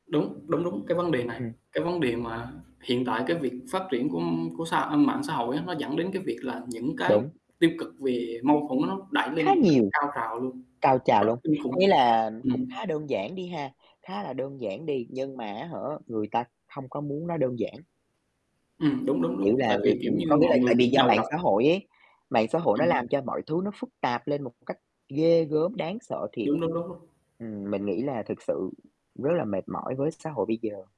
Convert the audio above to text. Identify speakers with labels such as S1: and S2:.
S1: Đúng, đúng, đúng. Cái vấn đề này,
S2: Ừm.
S1: cái vấn đề mà hiện tại cái việc phát triển của của xã mạng xã hội á, nó dẫn đến cái việc là những cái
S2: Đúng.
S1: tiêu cực về mâu thuẫn nó đẩy lên
S2: Khá
S1: một cách
S2: nhiều.
S1: cao trào luôn.
S2: Cao trào
S1: Rất
S2: luôn,
S1: kinh
S2: có nghĩa
S1: khủng.
S2: là cũng
S1: Ừm.
S2: khá đơn giản đi ha, khá là đơn giản đi nhưng mà á hả, người ta không có muốn nó đơn giản.
S1: Ừm. Đúng, đúng,
S2: Kiểu
S1: đúng. Tại
S2: là,
S1: vì, kiểu
S2: người
S1: như,
S2: có nghĩa
S1: mọi
S2: là
S1: người
S2: tại vì
S1: bị
S2: do
S1: đầu
S2: mạng
S1: độc.
S2: xã hội ấy, mạng xã hội nó
S1: Ừm.
S2: làm cho mọi thứ nó phức tạp lên một cách ghê gớm, đáng sợ thiệt.
S1: Đúng, đúng, đúng luôn.
S2: Ừm, mình nghĩ là thực sự rất là mệt mỏi với xã hội bây giờ.